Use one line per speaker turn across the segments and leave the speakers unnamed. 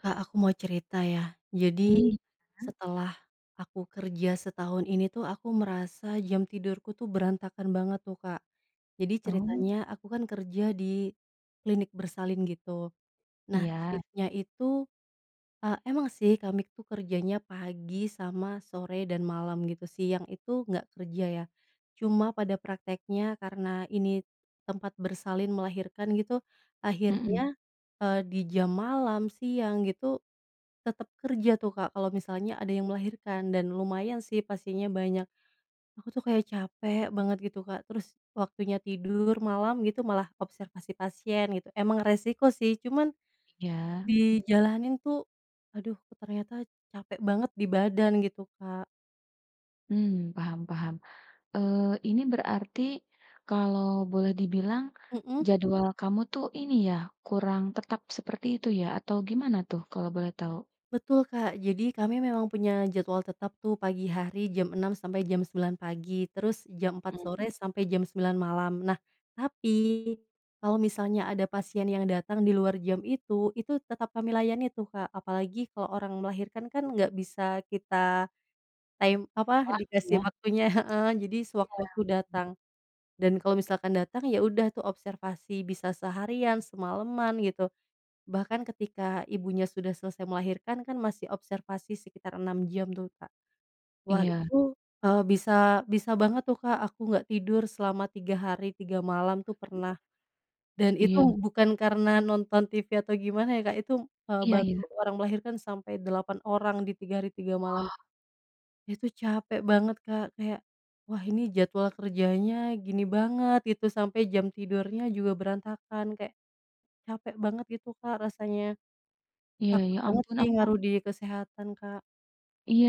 Kak Aku mau cerita ya. Jadi,
Mmm, gimana?
setelah aku kerja setahun ini tuh aku merasa jam tidurku tuh berantakan banget tuh Kak. Jadi
Oh.
ceritanya aku kan kerja di klinik bersalin gitu. Nah
Iya.
shift-nya itu eee, emang sih kami itu kerjanya pagi sama sore dan malam gitu. Siang itu nggak kerja ya. Cuma pada prakteknya karena ini tempat bersalin melahirkan gitu.
Mhm.
Akhirnya, eee, di jam malam, siang, gitu tetap kerja tuh Kak. Kalau misalnya ada yang melahirkan dan lumayan sih pasiennya banyak. Aku tuh kayak capek banget gitu Kak. Terus waktunya tidur malam gitu malah observasi pasien gitu. Emang resiko sih, cuman
Iya.
dijalanin tuh, aduh ternyata capek banget di badan gitu Kak.
Mmm paham paham, eee, ini berarti kalau boleh dibilang
Heeh.
jadwal kamu tuh ini ya kurang tetap seperti itu ya atau gimana tuh kalau boleh tahu?
Betul, Kak. Jadi, kami memang punya jadwal tetap, tuh, pagi hari jam 6:00 sampai jam 9:00 pagi, terus jam 4:00
Mhm.
sore sampai jam 9:00 malam. Nah, tapi, kalau misalnya ada pasien yang datang di luar jam itu, itu tetap kami layani, tuh, Kak. Apalagi kalau orang melahirkan, kan, nggak bisa kita, time apa,
Wah, iya.
dikasih waktunya heeh, jadi
Iya.
sewaktu-waktu datang. Dan kalau misalkan datang, ya, udah, tuh, observasi bisa seharian, semalaman, gitu. Bahkan ketika ibunya sudah selesai melahirkan, kan, masih observasi sekitar 6 jam, tuh, Kak. Wah,
Iya.
itu, eee, bisa bisa banget, tuh, Kak, aku nggak tidur selama 3 hari 3 malam, tuh, pernah. Dan itu
Iya.
bukan karena nonton TV atau gimana, ya, Kak, itu, eee,
Iya,
bantu
ya.
orang melahirkan sampai 8 orang, di tiga hari tiga malam.
Wah.
Itu capek banget, Kak, kayak, wah, ini jadwal kerjanya gini banget, gitu, sampai jam
Iya.
tidurnya juga berantakan, kayak, capek banget gitu, Kak, rasanya.
Iya.
Takut
Ya,
banget,
ampun
sih,
aku
ngaruh di kesehatan, Kak.
Iya,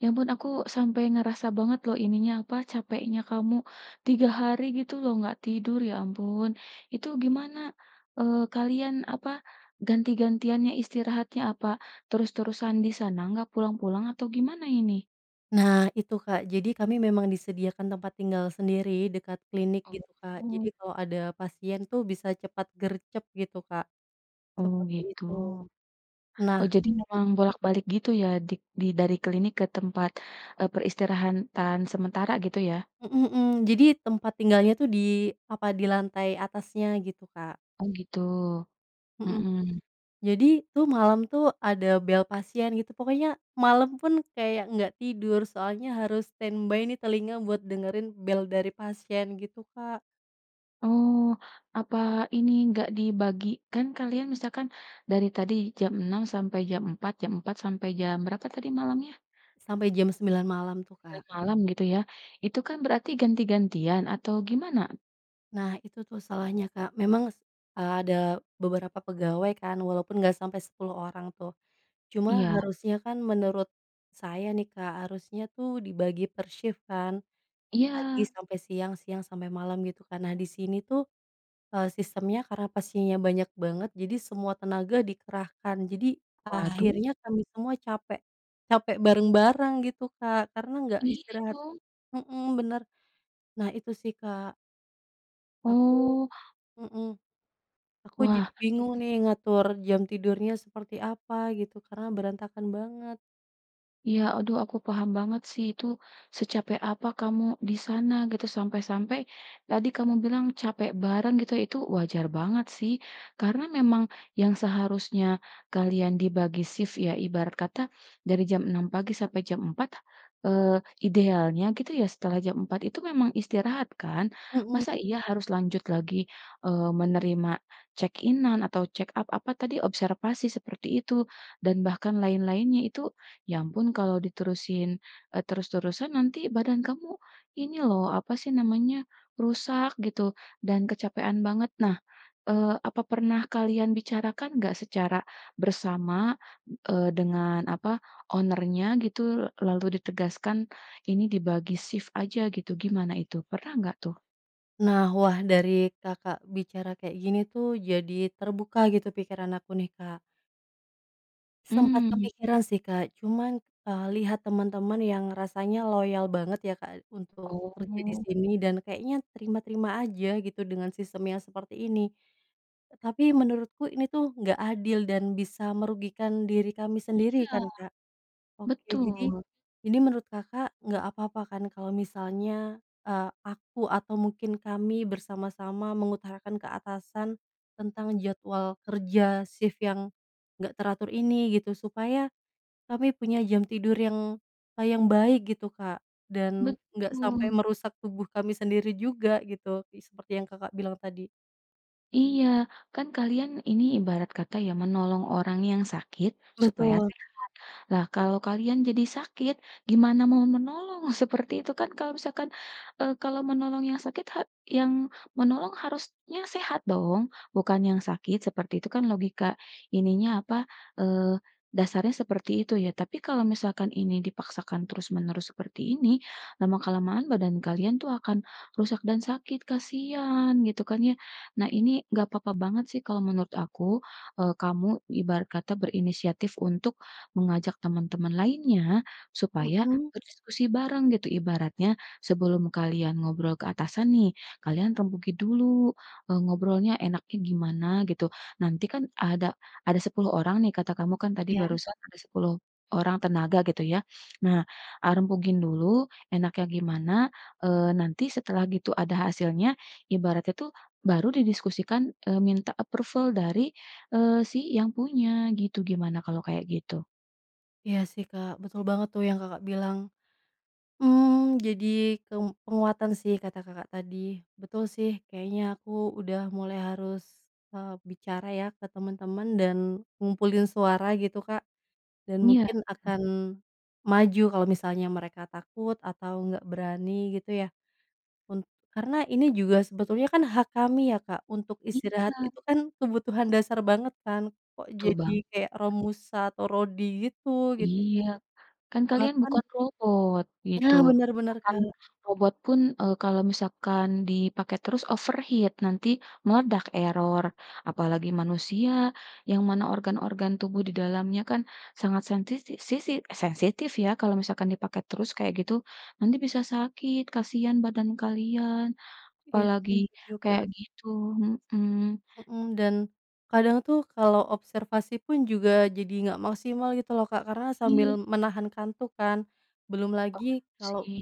ya ampun, aku sampai ngerasa banget loh ininya apa capeknya kamu 3 hari gitu lho, nggak tidur, ya ampun, itu gimana, eee, kalian apa ganti-gantiannya istirahatnya, apa terus-terusan di sana nggak pulang-pulang atau gimana ini?
Nah itu, Kak. Jadi kami memang disediakan tempat tinggal sendiri dekat klinik gitu, Kak. Jadi
Oh.
kalau ada pasien itu bisa cepat gercep gitu, Kak.
Oh
Seperti
gitu.
itu. Nah
Oh. Jadi
m
memang bolak-balik gitu ya dik di dari klinik ke tempat, eee, peristirahatan sementara gitu ya.
Mhm mhm. Jadi tempat tinggalnya tuh di apa, di lantai atasnya gitu, Kak.
Oh gitu.
Mhm.
Mhm.
Jadi tuh malam tuh ada bel pasien gitu. Pokoknya malam pun kayak nggak tidur. Soalnya harus stand by nih telinga buat dengerin bel dari pasien gitu, Kak.
Oh, apa ini enggak dibagi, kan kalian misalkan dari tadi jam 6.00 sampai jam 4.00, jam 4.00 sampai jam berapa tadi malamnya?
Sampai jam 9.00 malam tuh, Kak.
9.00 malam gitu ya. Itu kan berarti ganti-gantian atau gimana?
Nah, itu tuh salahnya Kak. Memang, s eee, ada beberapa pegawai kan, walaupun nggak sampai 10 orang tuh. Cuma
Iya.
harusnya kan menurut saya nih Kak, harusnya tuh dibagi per shift kan? Pagi
Iya.
sampe siang, siang sampe malam, gitu kan. Nah, di sini tuh, eee, sistemnya karena pasiennya banyak banget, jadi semua tenaga dikerahkan. Jadi,
Waduh.
akhirnya kami semua capek. Capek bareng-bareng gitu Kak karena nggak
Iya,
istirahat
dong.
hmm, benar. Nah, itu sih Kak. Aku
Oh.
mhm, aku jadi
Wah,
bingung
[unintelligible]
nih ngatur jam tidurnya seperti apa gitu karena berantakan banget.
Iya, aduh, aku paham banget sih itu, secapek apa kamu di sana gitu, sampe-sampe tadi kamu bilang capek bareng gitu, itu wajar banget sih. Karena memang, yang seharusnya kalian dibagi shift ya, ibarat kata, dari jam 6 pagi sampai jam 4, eee, idealnya gitu ya, setelah jam 4 itu memang istirahat kan?
Hmm.
Masa iya harus lanjut lagi, eee, menerima check-in-an atau check up apa tadi? Observasi seperti itu, dan bahkan lain-lainnya itu, ya ampun kalau diterusin e terus-terusan nanti badan kamu, ini lho, apa sih namanya, rusak gitu, dan kecapekan banget. Nah, eee, apa pernah kalian bicarakan nggak secara bersama, eee, dengan apa, owner nya gitu, lalu ditegaskan, ini dibagi shift aja gitu, gimana itu? Pernah enggak tuh?
Nah, wah, dari Kakak bicara kayak gini, tuh, jadi terbuka gitu pikiran aku, nih, Kak. Sempat
Mmm.
kepikiran, sih, Kak. Cuman, eee, lihat teman-teman yang rasanya loyal banget, ya, Kak, untuk kerja di
Oh.
sini, dan kayaknya terima-terima aja gitu, dengan sistem yang seperti ini. Tapi menurutku ini, tuh, nggak adil dan bisa merugikan diri kami sendiri,
Iya.
kan, Kak. Oke, jadi
Betul.
ini menurut Kakak nggak apa-apa, kan, kalau misalnya, eee, aku atau mungkin kami bersama-sama mengutarakan ke atasan tentang jadwal kerja sif yang nggak teratur ini, gitu? Supaya, kami punya jam tidur yang, kayak yang baik, gitu, Kak, dan nggak sampai
Betul.
merusak tubuh kami sendiri juga, gitu. I seperti yang Kakak bilang tadi.
Iya, kan, kalian ini ibarat kata, ya, menolong orang yang sakit supaya
Betul.
sehat. Lah, kalau kalian jadi sakit, gimana mau menolong, seperti itu, kan, kalau misalkan, eee, kalau menolong yang sakit ha yang menolong harusnya sehat dong, bukan yang sakit, seperti itu, kan, logika ininya apa, eee, dasarnya seperti itu, ya. Tapi kalau misalkan ini dipaksakan terus-menerus seperti ini, lama-kelamaan badan kalian itu akan rusak dan sakit, kasihan, gitu, kan, ya. Nah, ini enggak papa banget, sih, kalau menurut aku, eee, kamu ibarat kata berinisiatif untuk mengajak teman-teman lainnya, supaya
Hmm.
berdiskusi bareng, gitu. Ibaratnya, sebelum kalian ngobrol ke atasan, nih, kalian rembuki dulu, eee, ngobrolnya enaknya gimana, gitu. Nanti, kan, ada ada 10 orang, nih, kata kamu, kan, tadi
Iya.
barusan ada 10 orang tenaga gitu, ya. Nah, ah, rembukin dulu, enaknya gimana, eee, nanti setelah gitu ada hasilnya, ibaratnya, tuh, baru didiskusikan, eee, minta approval dari, eee, si yang punya, gitu. Gimana kalau kayak gitu?
Iya sih Kak betul banget tuh yang Kakak bilang, mmm, jadi kem penguatan sih kata Kakak tadi betul sih kayaknya aku udah mulai harus, eee, bicara ya ke teman-teman dan ngumpulin suara gitu Kak. Dan
Iya
mungkin
bener.
akan, maju kalau misalnya mereka takut atau nggak berani gitu ya. Un karena ini juga sebetulnya kan hak kami ya Kak untuk
Iya.
istirahat itu kan kebutuhan dasar banget kan, kok
Betul
jadi
banget.
kayak Romusha atau rodi gitu gitu.
Iya, kan kalian
Bahkan
bukan robot gitu
Ya bener bener
bahkan
Kak.
robot pun, eee, kalau misalkan dipakai terus overheat nanti meledak error, apalagi manusia yang mana organ-organ tubuh di dalamnya kan sangat sentisi sisi sensitif ya kalau misalkan dipakai terus kayak gitu, nanti bisa sakit kasihan badan kalian
Iya
apalagi
setuju Kak.
kayak gitu, mhm.
Mhm, dan, kadang tuh kalau observasi pun juga jadi nggak maksimal gitu loh Kak karena sambil
Iya.
menahan kantuk kan, belum
Paham
lagi kalau.
sih.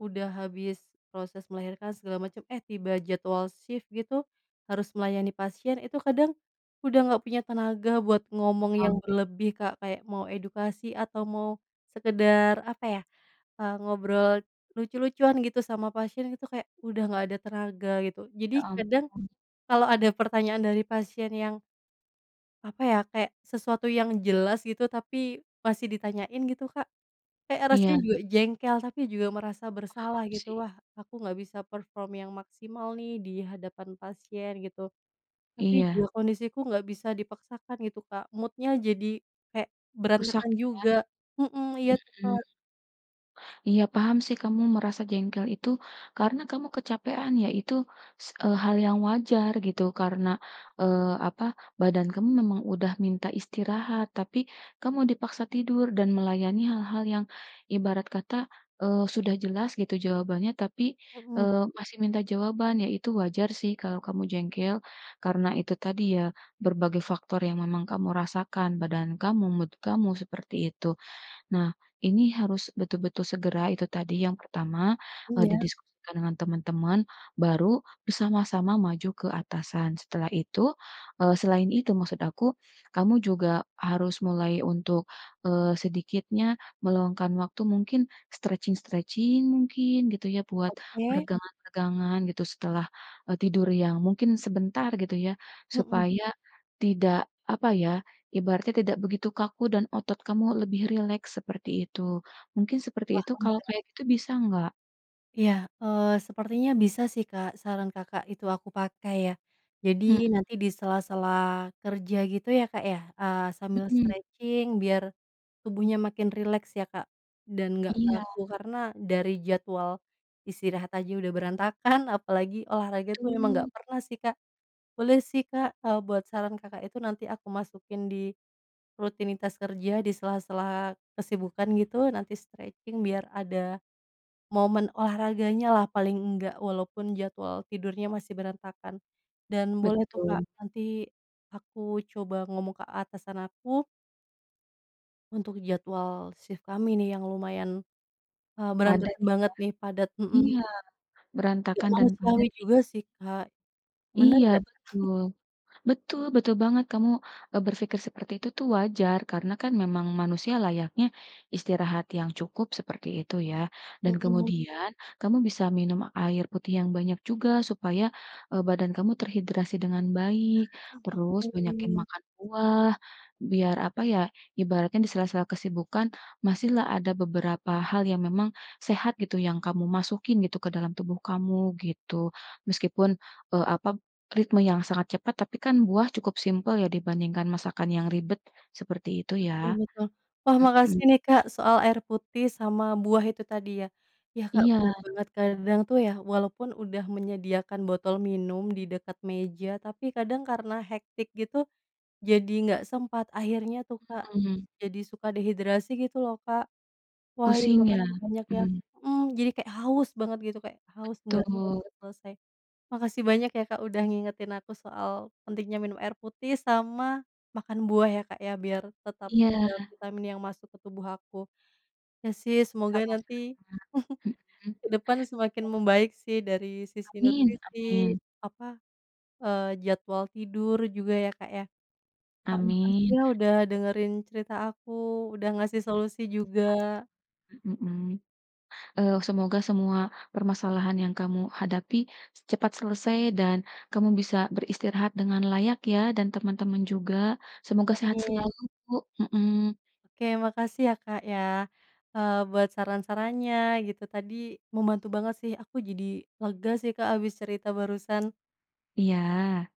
Udah habis, proses melahirkan segala macem, eh, tiba jadwal shift gitu, harus melayani pasien itu kadang, udah nggak punya tenaga buat ngomong yang
Paham.
berlebih Kak kayak mau edukasi atau mau, sekedar apa ya, eee, ngobrol, lucu-lucuan gitu sama pasien itu kayak udah nggak ada tenaga gitu jadi
Ya
kadang,
ampun
kalau ada pertanyaan dari pasien yang apa ya kayak sesuatu yang jelas gitu tapi masih ditanyain gitu Kak. Kayak rasanya
Iya.
juga jengkel tapi juga merasa bersalah
Paham
gitu,
sih.
"Wah aku nggak bisa perform yang maksimal nih di hadapan pasien," gitu, tapi
Iya.
juga kondisiku nggak bisa dipaksakan gitu Kak mood-nya jadi, kayak
Rusak
berantakan
ya,
juga, mhm, iya tuh
mhm,
Kak.
iya paham sih kamu merasa jengkel itu karena kamu kecapekan ya itu s eee, hal yang wajar gitu karena, eee, apa badan kamu memang udah minta istirahat tapi kamu dipaksa tidur dan melayani hal-hal yang ibarat kata, eee, sudah jelas gitu jawabannya tapi,
Mhm.
eee, masih minta jawaban ya itu wajar sih kalau kamu jengkel, karena itu tadi ya berbagai faktor yang memang kamu rasakan badan kamu, mood kamu seperti itu nah ini harus betul-betul segera itu tadi yang pertama, eee,
Iya.
didiskusikan dengan teman-teman baru bersama-sama maju ke atasan setelah itu, eee, selain itu maksud aku, kamu juga harus mulai untuk, eee, sedikitnya meluangkan waktu mungkin stretching-stretching mungkin gitu ya buat
Oke.
peregangan peregangan gitu setelah, eee, tidur yang mungkin sebentar gitu ya,
Mhm.
supaya tidak apa ya ibaratnya tidak begitu kaku dan otot kamu lebih rileks seperti itu. Mungkin seperti itu
Paham
kalau
ya.
kayak gitu bisa nggak?
Iya, eee, sepertinya bisa sih Kak, saran Kakak itu aku pakai ya. Jadi,
Mhm.
nanti di sela-sela, kerja gitu ya Kak ya, eee, sambil
Mhm.
stretching biar, tubuhnya makin rileks ya Kak, dan nggak
Iya.
kaku, karena dari jadwal, istirahat aja udah berantakan, apalagi olahraga itu emang nggak
Betul.
pernah sih Kak. Boleh sih Kak, kalau buat saran Kakak itu nanti aku masukin di, rutinitas kerja di sela-sela kesibukan gitu, nanti stretching biar ada, momen olahraganya lah paling enggak, walaupun jadwal tidurnya masih berantakan. Dan boleh tuh Kak,
Betul.
nanti, aku coba ngomong ke atasan aku untuk jadwal shift kami nih yang lumayan, eee,
Padat
berantakan
ya?
banget nih padat, mhm.
Iya,
Gak
berantakan dan
manusiawi
padat ini.
juga sih Kak, benar
Iya
nggak?
betul. Betul betul banget kamu, e berpikir seperti itu tuh wajar, karena kan memang manusia layaknya, istirahat yang cukup seperti itu ya. Dan
Hmm.
kemudian, kamu bisa minum air putih yang banyak juga supaya, eee, badan kamu terhidrasi dengan baik. Terus,
Oh,
banyakin
oke.
makan buah, biar apa ya, ibaratnya di sela-sela kesibukan, masihlah ada beberapa hal yang memang, sehat gitu yang kamu masukin gitu ke dalam tubuh kamu, gitu. Meskipun, e apa, ritme yang sangat cepat, tapi kan buah cukup simpel ya dibandingkan masakan yang ribet, seperti itu
Betul
ya.
betul. Wah, makasih
Mhm.
nih Kak, soal air putih sama buah itu tadi ya ya Kak
Iya.
benar banget kadang itu ya walaupun udah menyediakan botol minum di dekat meja, tapi kadang karena hectic gitu, jadi nggak sempat akhirnya tuh Kak,
Mhm.
jadi suka dehidrasi gitu loh Kak. Wah iya
Pusing ya?
makasih banyak ya
Mmm.
mhm, jadi kayak haus banget gitu kayak, haus nggak
Betul.
selesai. Makasih banyak ya Kak, udah ngingetin aku soal, pentingnya minum air putih sama, makan buah ya Kak ya, biar tetap ada
Iya.
vitamin yang masuk ke tubuh aku. Iya sih semoga nanti,
Sama-sama. Mhm.
ke depan semakin
Iya.
membaik sih dari sisi
Amin
nutrisi,
amin.
apa, eee, jadwal tidur juga ya Kak ya. Kak, makasih
Amin.
ya udah dengerin cerita aku, udah ngasih
Iya,
solusi
e sama
juga.
sama. Mmm, eee, semoga semua, permasalahan yang kamu hadapi, cepat selesai dan, kamu bisa beristirahat dengan layak ya, dan teman-teman juga, semoga sehat
Amin.
selalu, bu mhm.
Oke makasih ya Kaka ya, eee, buat saran-sarannya gitu tadi, membantu banget sih aku jadi, lega sih Kak habis cerita barusan.
Iya.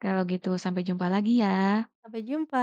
Kalau gitu sampai jumpa lagi ya.
Sampai jumpa.